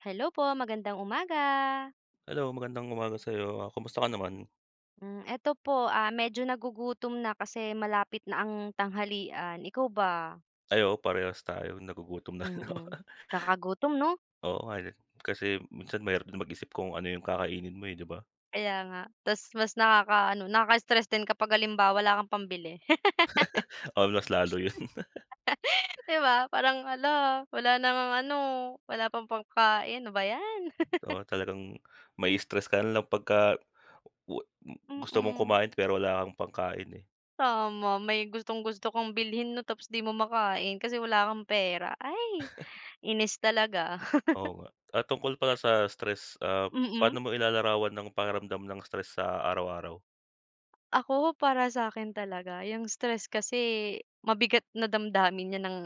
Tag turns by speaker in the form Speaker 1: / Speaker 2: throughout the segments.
Speaker 1: Hello po, magandang umaga.
Speaker 2: Hello, magandang umaga sa'yo, ah, kumusta ka naman?
Speaker 1: Hmm, eto po, ah, medyo nagugutom na kasi malapit na ang tanghalian. Ikaw ba?
Speaker 2: Ay, oo, parehas tayo. Nagugutom na rin ako.
Speaker 1: Mm, kakagutom, 'no?
Speaker 2: Oo nga eh, kasi minsan mahirap din mag-isip kung ano yung kakainin mo eh, 'di ba?
Speaker 1: Kaya nga, tapos mas nakakaano, nakaka-stress din kapag halimbawa wala kang pambili.
Speaker 2: Oo, mas lalo yun.
Speaker 1: Di ba, parang hala, wala na ngang ano, wala pang pagkain. Ano ba yan.
Speaker 2: Oo, talagang mai-stress ka nalang pagka wa m gusto mong
Speaker 1: Mm.
Speaker 2: kumain pero wala kang pangkain eh.
Speaker 1: Tama, may gustong-gusto kang bilhin, 'no, tapos di mo makain kasi wala kang pera. Ay, inis talaga.
Speaker 2: Oo nga. Ah, tungkol pala sa stress, ah,
Speaker 1: Mm.
Speaker 2: paano mo ilalarawan ng pakiramdam ng stress sa araw-araw?
Speaker 1: Ako, para sakin talaga yung stress kasi mabigat na damdamin niyan ng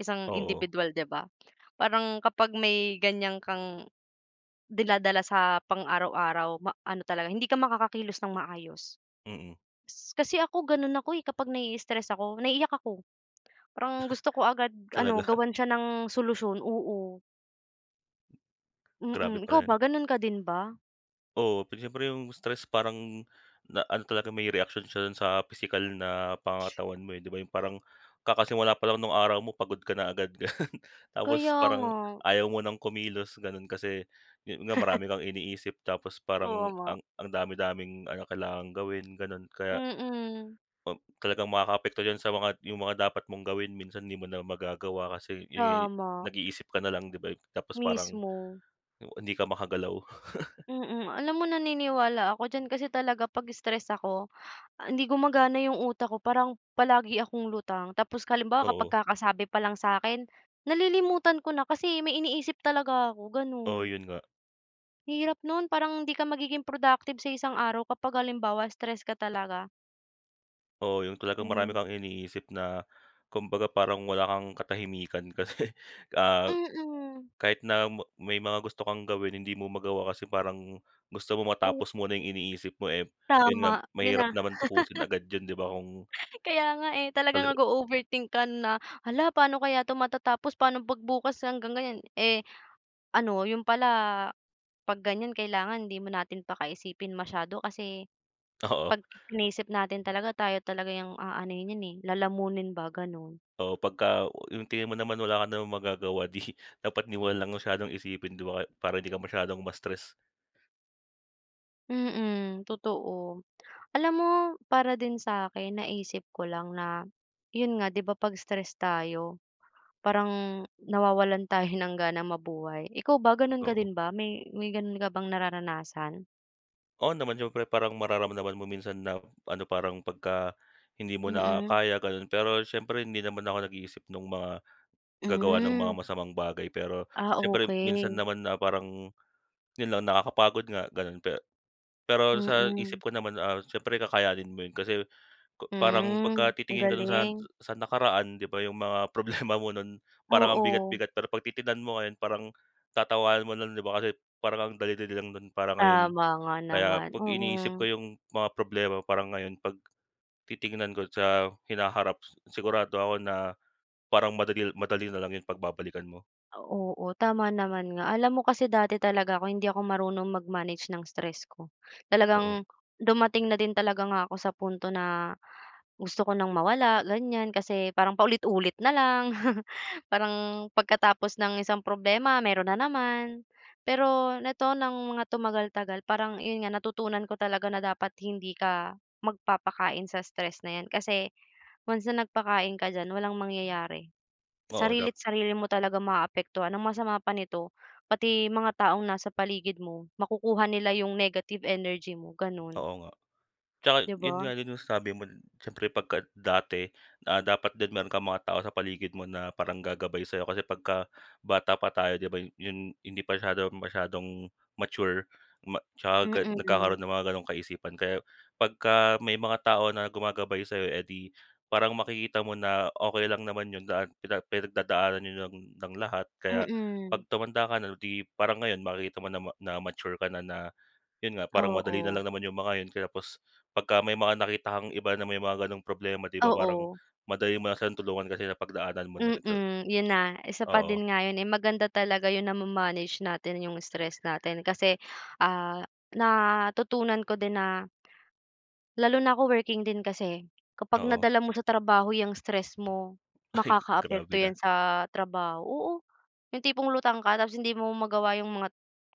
Speaker 1: isang
Speaker 2: Oo.
Speaker 1: indibidwal, di ba? Parang kapag may ganiyan kang dinadala sa pang araw-araw ma ano talaga, hindi ka makakakilos ng maayos.
Speaker 2: Mm.
Speaker 1: Kasi ako ganun ako eh kapag naiistres ako, naiiyak ako, parang gusto ko agad ano,
Speaker 2: Talaga?
Speaker 1: gawan siya ng solusyon, oo.
Speaker 2: Grabe
Speaker 1: Mm,
Speaker 2: pala
Speaker 1: ikaw
Speaker 2: yun.
Speaker 1: ba, gano'n ka din ba?
Speaker 2: Oo, pero siyempre yung stress parang naano talaga, may reaksyon siya sa pisikal na pangangatawan mo eh, 'di ba, yung parang kakasimula pa lang ng araw mo pagod ka na agad, ganun.
Speaker 1: Kaya
Speaker 2: Tapos parang
Speaker 1: nga.
Speaker 2: ayaw mo ng kumilos ganun kasi, yun nga, marami kang iniisip tapos
Speaker 1: Oo
Speaker 2: parang
Speaker 1: nga.
Speaker 2: ang ang dami-daming ano kailangang gawin ganun. Kaya
Speaker 1: Mm.
Speaker 2: talagang makakaapekto yan sa mga yung mga dapat mong gawin minsan hindi mo na magagawa kasi, yun nga, yung
Speaker 1: Tama.
Speaker 2: nag-iisip ka nalang, di ba, tapos parang
Speaker 1: Mismo.
Speaker 2: hindi ka makagalaw.
Speaker 1: Mm, alam mo naniniwala ako diyan kasi talaga 'pag stress ako, hindi gumagana yung utak ko parang palagi akong lutang. Tapos halimbawa kapag
Speaker 2: Oo.
Speaker 1: kakasabi palang sakin, nalilimutan ko na kasi may iniisip talaga ako,
Speaker 2: Oo,
Speaker 1: ganu'n.
Speaker 2: yun nga.
Speaker 1: Hirap nun, parang hindi ka magiging productive sa isang araw kapag halimbawa stress ka talaga.
Speaker 2: Oo, yung talagang marami
Speaker 1: Hmm.
Speaker 2: kang iniisip na kumbaga parang wala kang katahimikan kasi, ah,
Speaker 1: Mm.
Speaker 2: kahit na may mga gusto kang gawin, hindi mo magawa kasi parang gusto mo
Speaker 1: Oo.
Speaker 2: matapos muna yung iniisip mo eh, yun nga,
Speaker 1: Tama, yun
Speaker 2: mahirap
Speaker 1: na.
Speaker 2: naman tapusin agad yun, di ba, kung
Speaker 1: Kaya nga eh, talaga
Speaker 2: Hello.
Speaker 1: nag-o-overthink ka na, "Hala, paano kaya 'to matatapos, paano 'pag bukas hanggang ngayon" Eh, ano, yun pala, 'pag ganiyan, kailangan hindi na natin pakaisipin masyado kasi
Speaker 2: Oo.
Speaker 1: 'pag iniisip natin talaga tayo talaga yung aanuhin niyan eh, lalamunin ba, ganun.
Speaker 2: Oo, pagka yung tingin mo naman wala ka namang magagawa, di dapat di mo nalang masyadong isipin, di ba, para di ka masyadong ma-stress.
Speaker 1: Mm, totoo. Alam mo para din sa akin naisip ko lang na, 'yon nga, 'di ba 'pag stress tayo parang nawawalan tayo ng ganang mabuhay. Ikaw ba, gano'n ka
Speaker 2: Oo.
Speaker 1: din ba, may may gano'n ka bang nararanasan?
Speaker 2: Oo naman, siyempre. Parang mararamdaman mo minsan na ano parang pagka hindi mo na
Speaker 1: Mm.
Speaker 2: kaya, gano'n. Pero siyempre hindi naman ako nag-iisip no'ng mga gagawa ng mga
Speaker 1: Hmm.
Speaker 2: masamang bagay. Pero
Speaker 1: Ah,
Speaker 2: siyempre minsan
Speaker 1: okey.
Speaker 2: naman na parang, 'yon lang, nakakapagod nga, gano'n. Pe pero sa
Speaker 1: Mm.
Speaker 2: isip ko naman siyempre kakayanin mo 'yon kasi parang pagka
Speaker 1: Hmm, ang
Speaker 2: titingin ka do'n sa
Speaker 1: galing.
Speaker 2: sa nakaraan, 'di ba, yung mga problema mo no'n parang ang
Speaker 1: Oo.
Speaker 2: bigat-bigat. Pero 'pag titignan mo ngayon parang tatawanan mo nalang, 'di ba, kasi parang ang dali-dali lang no'n para ngayon.
Speaker 1: Tama nga
Speaker 2: Kaya
Speaker 1: naman,
Speaker 2: 'pag iniisip
Speaker 1: oo.
Speaker 2: ko yung mga problema parang ngayon 'pag titingnan ko sa hinaharap sigurado ako na parang madali madali nalang yun 'pag babalikan mo.
Speaker 1: Oo, tama naman nga. Alam mo kasi dati talaga ako, hindi ako marunong mag-manage ng stress ko,
Speaker 2: Oo.
Speaker 1: talagang dumating na din talaga nga ako sa punto na gusto ko nang mawala, ganiyan. Kasi parang paulit-ulit nalang, parang pagkatapos ng isang problema meron na naman. Pero nito, ng mga tumagal-tagal parang, 'yon nga, natutunan ko talaga na dapat hindi ka magpapakain sa stress na 'yan kasi once na nagpakain ka diyan walang mangyayari,
Speaker 2: Oo, dap
Speaker 1: sarili't sarili mo talaga maaapektuhan. Ang masama pa nito, pati mga taong nasa paligid mo makukuha nila yung negative energy mo, ganun.
Speaker 2: Oo nga. Tsaka
Speaker 1: Di
Speaker 2: 'yon
Speaker 1: ba?
Speaker 2: nga din yung sabi mo siyempre pagka dati na dapat din meron kang mga tao sa paligid mo na parang gagabay sa'yo. Kasi pagka bata pa tayo, 'di ba, yu yun, hindi pa syadong masyadong mature ma tsaka nagkakaroon
Speaker 1: Mm.
Speaker 2: ng mga gano'ng kaisipan. Kaya pagka may mga tao na gumagabay sa'yo, eh 'di, parang makikita mo na okey lang naman 'yon, lahat pinag pinagdadaanan yun ng lahat kaya
Speaker 1: Mm.
Speaker 2: 'pag tumanda ka na 'di, parang ngayon, makikita mo na na mature ka na na, yun nga, parang madali na
Speaker 1: Oo.
Speaker 2: lang naman yung mga yun kaya pos pagka may mga nakita kang iba na may mga gano'ng problema, di ba, parang
Speaker 1: Oo.
Speaker 2: madali mo na siyang tulungan kasi sa pagdaanan mo na rin sa
Speaker 1: Mm, 'yon na, isa pa
Speaker 2: oo.
Speaker 1: din nga yun eh. Maganda talaga 'yon na ma-manage natin yung stress natin. Kasi, ah, natutunan ko din na lalo na ako, working din kasi, kapag
Speaker 2: Oo.
Speaker 1: nadala mo sa trabaho 'yang stress mo
Speaker 2: Ay, grabe
Speaker 1: makakaapekto 'yan
Speaker 2: na.
Speaker 1: sa trabaho, oo, yung tipong lutang ka tapos hindi mo magawa yung mga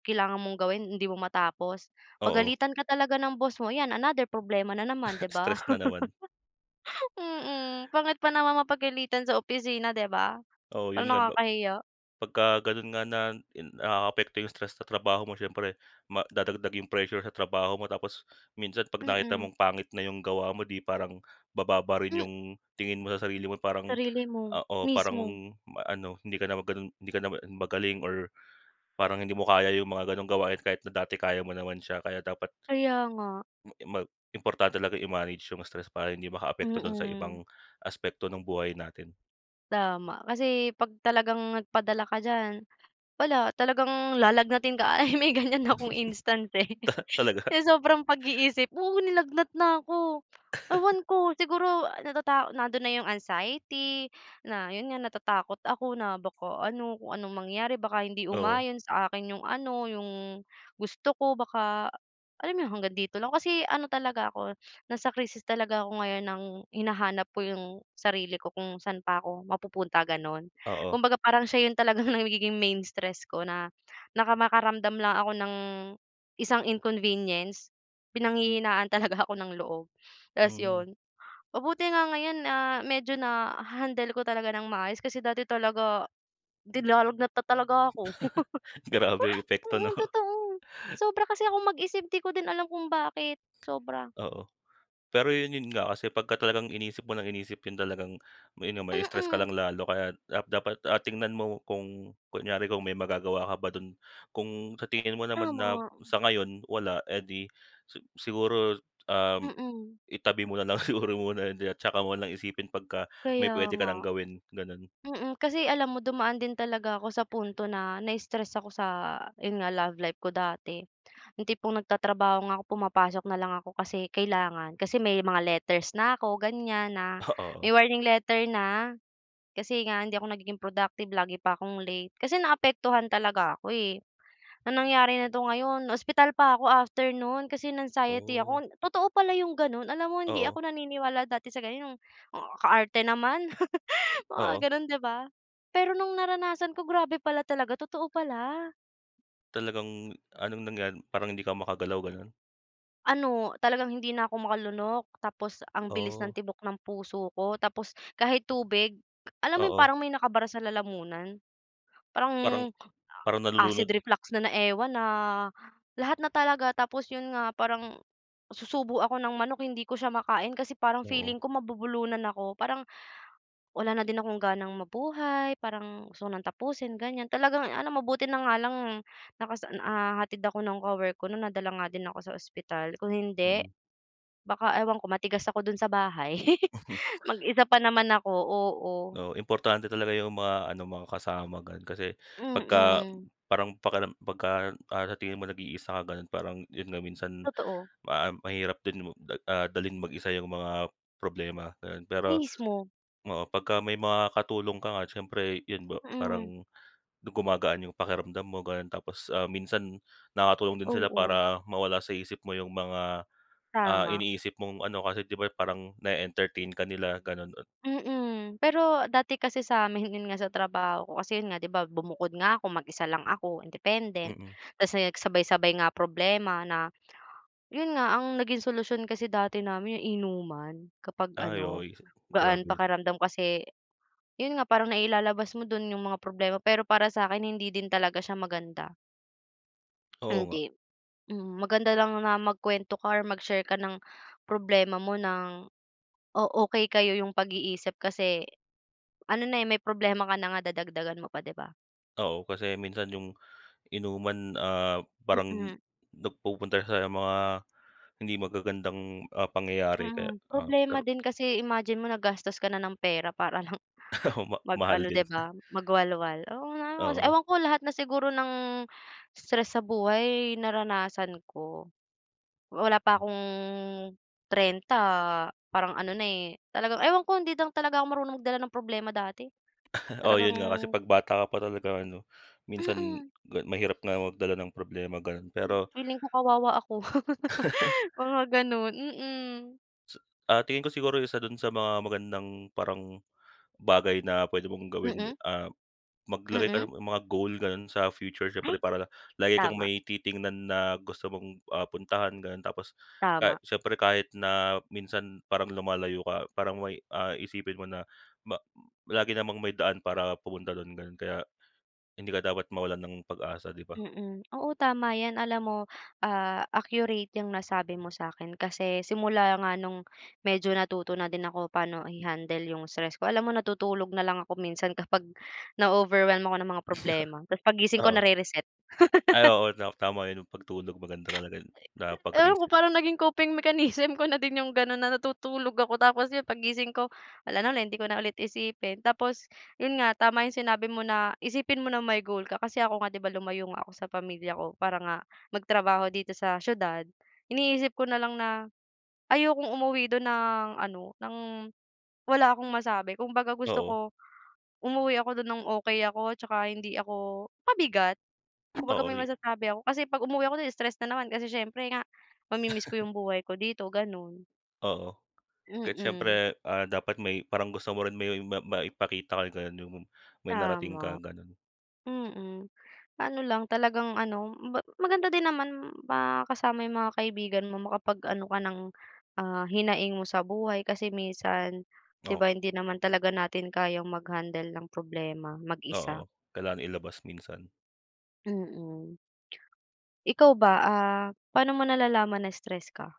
Speaker 1: kailangan mong gawin. Hindi mo matapos,
Speaker 2: Oo.
Speaker 1: pagalitan ka talaga ng boss mo, 'yan another problema na naman, 'di ba?
Speaker 2: Stress na naman.
Speaker 1: Mm, pangit pa naman mapagalitan sa opisina, 'di ba,
Speaker 2: Oo, yun
Speaker 1: parang
Speaker 2: nga, ba
Speaker 1: nakakahiya.
Speaker 2: pagka ganun nga na nakaapekto yung stress sa trabaho mo siyempre madadagdag yung pressure sa trabaho mo. Tapos minsan 'pag nakita
Speaker 1: Mm.
Speaker 2: mong pangit na yung gawa mo di parang bababa rin
Speaker 1: Hmm,
Speaker 2: yung tingin mo sa sarili mo parang,
Speaker 1: sarili mo,
Speaker 2: ah, oo, parang
Speaker 1: mismo.
Speaker 2: maano, ah, hindi ka naman ganun hindi ka na ma magaling or parang hindi mo kaya yung mga gano'ng gawain kahit na dati kaya mo naman siya. Kaya dapat
Speaker 1: Kaya nga.
Speaker 2: m mag importante talagang i-manage yung stress para hindi makaapekto dun sa ibang
Speaker 1: Mm.
Speaker 2: aspekto ng buhay natin.
Speaker 1: Tama. Kasi 'pag talagang nagpadala ka diyan, wala, talagang lalagnatin ka. Ay, may ganyan akong instance eh,
Speaker 2: Talaga.
Speaker 1: sa sobrang pag-iisip, oo, nilagnat na ko. Ewan ko, siguro natata nandun na yung anxiety na, yun nga, natatakot ako na baka ano, kung anong mangyari, baka hindi
Speaker 2: Oo.
Speaker 1: umayon sa akin yung ano, yung gusto ko, baka, alam mo yun, hanggang dito lang. Kasi ano talaga ako, nasa krisis talaga ako ngayon ng hinahanap ko yung sarili ko kung saan pa ako mapupunta, gano'n.
Speaker 2: Oo.
Speaker 1: Kumbaga parang siya yun talagang nagiging main stress ko na naka makaramdam lang ako ng isang inconvenience, pinanghihinaan talaga ako ng loob. Tapos
Speaker 2: Mm.
Speaker 1: 'yon, mabuti nga ngayon, ah, medyo na-handle ko talaga ng maayos. Kasi dati talaga nilalagnat na talaga ako.
Speaker 2: Grabe yung epekto, 'no?
Speaker 1: Mm, totoo sobra kasi akong mag-isip. Di ko din alam kung bakit, sobra.
Speaker 2: Oo, pero 'yon, 'yon nga, kasi pagka ka talagang iniisip mo ng iniisip 'yon talagang mai-stress ka
Speaker 1: Mm.
Speaker 2: lang lalo kaya, ah, dapat tingnan mo kung kunyari kung may magagawa ka ba do'n. Kung sa tingin mo naman na
Speaker 1: Tama.
Speaker 2: sa ngayon wala, eh 'di siguro, um,
Speaker 1: Mm.
Speaker 2: itabi mo nalang siguro muna, hindi, at tsaka mo na isipin pagka may
Speaker 1: Kaya
Speaker 2: puwede ka ng
Speaker 1: nga.
Speaker 2: gawin, gano'n.
Speaker 1: Mm, kasi alam mo dumaan din talaga ako sa punto na na-stress ako sa, 'yon nga, love life ko dati. Yung tipong nagtatrabaho nga ako, pumapasok nalang ako kasi kailangan. Kasi may mga letters na ako, ganiyan, na may
Speaker 2: Oo.
Speaker 1: warning letter na. Kasi nga hindi ako nagiging productive, lagi pa akong late. Kasi naapektuhan talaga ako eh. Ang nangyari na 'to ngayon, ospital pa ako after no'n, kasi na anxiety
Speaker 2: Oh.
Speaker 1: ako. Totoo pala yung gano'n. Alam mo hindi
Speaker 2: Oo.
Speaker 1: ako naniniwala dati sa ganun, kaarte naman, mga
Speaker 2: Oo.
Speaker 1: gano'n, di ba? Pero nung naranasan ko, grabe pala talaga. Totoo pala.
Speaker 2: Talagang anong nangyari, parang hindi ka makagalaw, ganun?
Speaker 1: Ano talagang hindi na ako makalunok, tapos ang bilis ng
Speaker 2: Oh.
Speaker 1: tibok ng puso ko, tapos kahit tubig, alam mo yung
Speaker 2: Oo.
Speaker 1: parang may nakabara sa lalamunan, parang
Speaker 2: Parang parang
Speaker 1: acid
Speaker 2: nalulunod?
Speaker 1: reflux na na ewan, na lahat na talaga. Tapos, yun nga, parang susubo ako ng manok hindi ko siya makain kasi parang
Speaker 2: Oo.
Speaker 1: feeling ko mabubulunan ako. Parang wala na din akong ganang mabuhay, parang gusto ko ng tapusin, ganiyan, talagang ano, mabuti na nga lang nakasa, ah, hatid ako ng kawork ko no'n, nadala nga din ako sa ospital, kung hindi,
Speaker 2: Mm.
Speaker 1: baka ewan ko matigas ako do'n sa bahay mag-isa pa naman ako, oo.
Speaker 2: Oo, importante talaga yung mga ano, mga kasama, ganun. Kasi pagka
Speaker 1: Mm.
Speaker 2: parang pakiram pagka, ah, sa tingin mo nag-iisa ka, ganun, parang, yun nga, minsan
Speaker 1: Totoo.
Speaker 2: ma mahirap din, ah, dalhin mag-isa yung mga problema, gano'n. Pero,
Speaker 1: Mismo.
Speaker 2: oo, pagka may mga katulong ka nga siyempre, 'yon ba,
Speaker 1: Mm.
Speaker 2: parang gumagaan yung pakiramdam mo gano'n. Tapos, ah, minsan nakatulong din sila
Speaker 1: Oo.
Speaker 2: para mawala sa isip mo yung mga, ah,
Speaker 1: Tama.
Speaker 2: iniisip mong ano, kasi 'di ba parang nae-entertain ka nila, gano'n. Ah
Speaker 1: Mm, pero dati kasi sa amin, yun nga, sa trabaho ko kasi, yun nga, 'di ba, bumukod nga ako, mag-isa lang ako, independent.
Speaker 2: Mm.
Speaker 1: Tapos, yun, sabay-sabay nga problema na, yun nga, ang naging solusyon kasi dati namin, inuman, kapag
Speaker 2: Ay,
Speaker 1: ano,
Speaker 2: okey si
Speaker 1: gaan
Speaker 2: grabe.
Speaker 1: pakiramdam kasi, yun nga, parang nailalabas mo do'n yung mga problema. Pero para sa akin, hindi din talaga siya maganda.
Speaker 2: Oo nga.
Speaker 1: Hindi, mm, maganda lang na magkuwento ka or mag-share ka ng problema mo ng o okey kayo yung pag-iisip kasi ano na eh, may problema ka na nga dadagdagan mo pa, 'di ba?
Speaker 2: Oo, kasi minsan yung inuman, ah, parang
Speaker 1: Mm.
Speaker 2: nagpupunta sa mga hindi magagandang, ah, pangyayari kaya,
Speaker 1: Mhm,
Speaker 2: ah,
Speaker 1: problema
Speaker 2: pero
Speaker 1: din kasi imagine mo naggastos ka na ng pera para lang
Speaker 2: Ma mahal
Speaker 1: mag-ano,
Speaker 2: din.
Speaker 1: 'di ba, mag-walwal, oo nga, os
Speaker 2: Oo.
Speaker 1: ewan ko lahat na siguro ng stress sa buhay naranasan ko. Wala pa akong 30 parang ano na eh, talagang ewan ko, hindi lang talaga ako marunong magdala ng problema dati.
Speaker 2: Oo,
Speaker 1: Talagang
Speaker 2: yun nga, kasi 'pag bata ka pa talaga ano, minsan
Speaker 1: Mm.
Speaker 2: mahirap nga magdala ng problema, ganun. Pero
Speaker 1: Feeling ko kawawa ako, mga ganun, mm.
Speaker 2: Sa, ah, tingin ko siguro isa dun sa mga magandang parang bagay na pwede mong gawin,
Speaker 1: Mm.
Speaker 2: ah, maglagay ka
Speaker 1: Mm.
Speaker 2: ng mga goal ganun sa future siyempre
Speaker 1: Ay.
Speaker 2: para lagi kang
Speaker 1: Tama.
Speaker 2: may titingnan na gusto mong, ah, puntahan, ganun. Tapos
Speaker 1: Tama.
Speaker 2: siyempre kahit na minsan parang lumalayo ka parang may, ah, isipin mo na ma lagi namang may daan para pumunta dun, ganun. Kaya hindi ka dapat mawalan ng pag-asa, di ba?
Speaker 1: Mm. Oo, tama 'yan. Alam mo, ah, accurate 'yang nasabi mo sa'kin kasi simula nga no'ng medyo natuto na din ako paano i-handle yung stress ko, alam mo natutulog na lang ako minsan kapag na-overwhelm ako ng mga problema tapos paggising ko
Speaker 2: Oo.
Speaker 1: nare-reset.
Speaker 2: Ay, oo, tam tama yung pagtulog maganda talaga yun na
Speaker 1: [unintelligible] Ewan ko,
Speaker 2: pag-reset.
Speaker 1: parang naging coping mechanism ko na din yung gano'n, na natutulog ako, tapos 'yon paggising ko wala na ulit, hindi ko na ulit isipin. Tapos, yun nga, tama yung sinabi mo na isipin mo na may goal ka kasi ako nga, 'di ba, lumayo nga ako sa pamilya ko para nga magtrabaho dito sa siyudad, iniisip ko nalang na ayokong umuwi do'n ng ano, ng wala akong masabi. Kung baga gusto
Speaker 2: Oo.
Speaker 1: ko umuwi ako do'n ng okey ako at saka hindi ako pabigat. Kumbaga may
Speaker 2: Oo.
Speaker 1: masasabi ako. Kasi 'pag umuwi ako do'n stress na naman kasi siyempre nga mami-miss ko yung buhay ko dito, gano'n.
Speaker 2: Oo. Kahit
Speaker 1: Mm.
Speaker 2: siyempre, ah, dapat may parang gusto mo rin may ma maipakita ka [unintelligible] may narating ka,
Speaker 1: Tama.
Speaker 2: gano'n.
Speaker 1: Mm. Ano lang, talagang ano, ma maganda din naman makasama yung mga kaibigan mo, makapag-ano ka ng, ah, hinaing mo sa buhay. Kasi minsan, 'di
Speaker 2: Oo.
Speaker 1: ba, hindi naman talaga natin kayang mag-handle ng problema mag-isa.
Speaker 2: Oo, kailangan ilabas minsan.
Speaker 1: Mm, ikaw ba, ah, paano mo nalalaman na stress ka?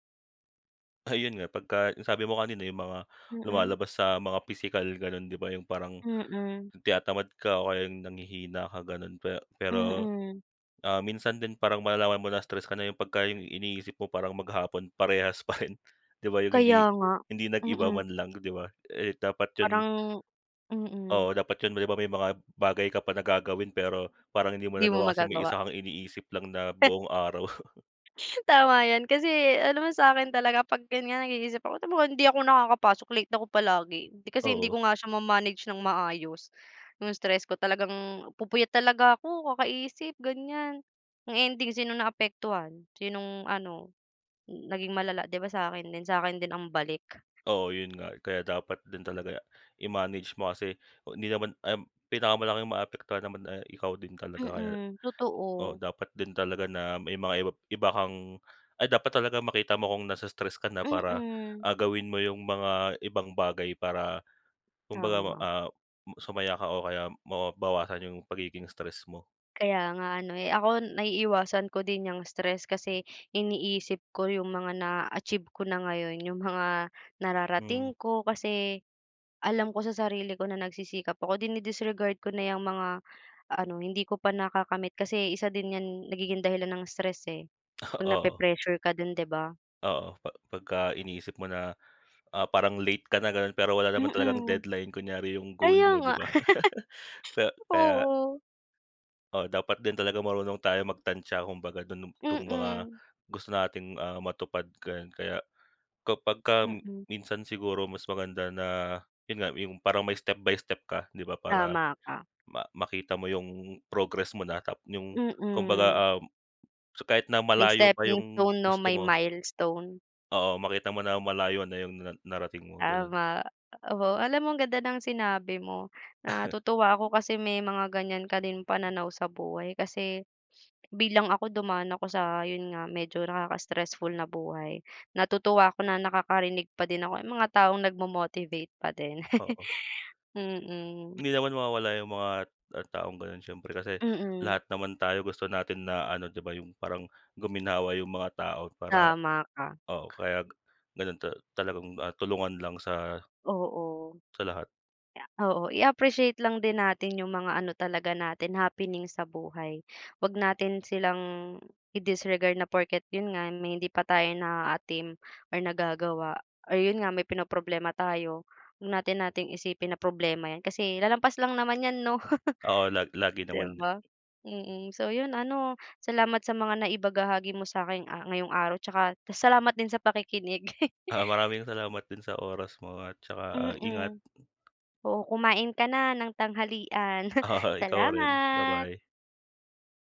Speaker 2: Ayun nga, pagka yung sabi mo kanina yung mga
Speaker 1: Mm.
Speaker 2: lumalabas sa mga pisikal, gano'n, 'di ba, yung parang
Speaker 1: Mm.
Speaker 2: tinatamad ka o kaya nanghihina ka, gano'n. Pe pero,
Speaker 1: Mm.
Speaker 2: ah, minsan din parang malalaman mo na stress ka na pagka yung iniisip mo parang maghapon parehas pa rin, 'di ba, yung
Speaker 1: Kaya
Speaker 2: hindi
Speaker 1: nga,
Speaker 2: hindi nag-iba
Speaker 1: mm.
Speaker 2: man lang, 'di ba? Eh dapat 'yon,
Speaker 1: Parang mm.
Speaker 2: oo, dapat yun, di ba, may mga bagay ka pa na gagawin pero parang hindi mo
Speaker 1: Di mo
Speaker 2: nagawa kasi may
Speaker 1: magagawa.
Speaker 2: isa kang iniisip lang na buong araw.
Speaker 1: Tama 'yan, kasi alam mo sa akin talaga 'pag ganiyan nag-iisip ako, hindi ako nakakapasok. Late ako palagi kasi hindi
Speaker 2: Oo.
Speaker 1: ko nga siya ma-manage ng maayos, yung stress ko talagang pupuyat talaga ako kakaisip, ganiyan. Ang ending sinong naaapektuhan, sinong ano, naging malala, 'di ba, sa akin din? Sa akin din ang balik?
Speaker 2: Oo, yun nga, kaya dapat din talaga i-manage mo kasi hindi naman, um, pinakamalaking maapektuhan naman eh ikaw din talaga. Kaya,
Speaker 1: Mm,
Speaker 2: oo,
Speaker 1: totoo.
Speaker 2: dapat din talaga na may mga ib iba kang ay, dapat talagang makita mo kung nai-stress ka na para,
Speaker 1: Mm.
Speaker 2: ah, gawin mo yung mga ibang bagay para kumbaga,
Speaker 1: Tama.
Speaker 2: ah, sumaya ka o kaya mawa mabawasan yung pagiging stress mo.
Speaker 1: Kaya nga ano. Eh ako, naiiwasan ko din 'yang stress kasi iniisip ko yung mga naa-achieve ko na ngayon, yung mga
Speaker 2: Mm.
Speaker 1: nararating ko. Kasi alam ko sa sarili ko na nagsisikap ako, dine-disregard ko na 'yang mga ano, hindi ko pa nakakamit. Kasi isa din 'yan, nagiging dahilan ng stress eh, 'pag
Speaker 2: Oo.
Speaker 1: nape-pressure ka din, 'di ba?
Speaker 2: Oo, pag pagka iniisip mo na, ah, parang late ka na, ganun. Pero wala naman talagang
Speaker 1: Mm.
Speaker 2: deadline. Kunyari yung goal
Speaker 1: Kaya
Speaker 2: mo, di
Speaker 1: nga,
Speaker 2: ba? K kaya
Speaker 1: Oo.
Speaker 2: Oo, dapat din talagang marunong tayo magtantya kumbaga dun, itong mga
Speaker 1: Mm.
Speaker 2: gusto nating, ah, matupad, gano'n. Kaya kapagka
Speaker 1: Mm.
Speaker 2: minsan siguro mas maganda na, yun nga, yung parang may step by step ka, 'di ba, para
Speaker 1: Tama ka.
Speaker 2: ma makita mo yung progress mo na, yung
Speaker 1: Mm.
Speaker 2: kumbaga, um, kahit na
Speaker 1: May
Speaker 2: malayo pa
Speaker 1: stepping
Speaker 2: yung
Speaker 1: stone, 'no,
Speaker 2: gusto
Speaker 1: may
Speaker 2: mo
Speaker 1: milestone.
Speaker 2: Oo, makita mo na malayo na yung na narating mo, ganun.
Speaker 1: Tama, oo. Alam mo ang ganda ng sinabi mo. Natutuwa ako kasi may mga ganiyan ka din pananaw sa buhay kasi bilang ako dumaan ako sa, 'yon nga, medyo nakaka stressful na buhay. Natutuwa ako na nakakarinig pa din ako yung mga taong nagmo-motivate pa din,
Speaker 2: Oo.
Speaker 1: mm.
Speaker 2: Hindi naman mawawala yung mga taong ganun. Siyempre kasi
Speaker 1: Mm.
Speaker 2: lahat naman tayo gusto natin na ano, 'di ba, yung parang guminhawa yung mga tao para,
Speaker 1: Tama ka.
Speaker 2: oo, kaya gano'n ta talagang tulungan lang sa
Speaker 1: Oo,
Speaker 2: lahat.
Speaker 1: oo, i-appreciate lang din natin yung mga ano talaga natin, happening sa buhay. 'Wag natin silang i-disregard na porket, yun nga, may hindi pa tayo naaatim or nagagawa, or yun nga, may pinoproblema tayo, 'wag natin nating isipin na problema 'yan. Kasi lalampas lang naman 'yan, 'no,
Speaker 2: Oo, lag lagi
Speaker 1: 'di
Speaker 2: naman.
Speaker 1: ba, mm. So, yun, ano. Salamat sa mga naibahagi mo sa akin ngayong araw tsaka salamat din sa pakikinig.
Speaker 2: Ah, maraming salamat din sa oras mo at tsaka, ah, ingat.
Speaker 1: Mm. Oh, kumain ka na ng tanghalian.
Speaker 2: Oo, ikaw rin.
Speaker 1: Salamat.
Speaker 2: Ba-bye.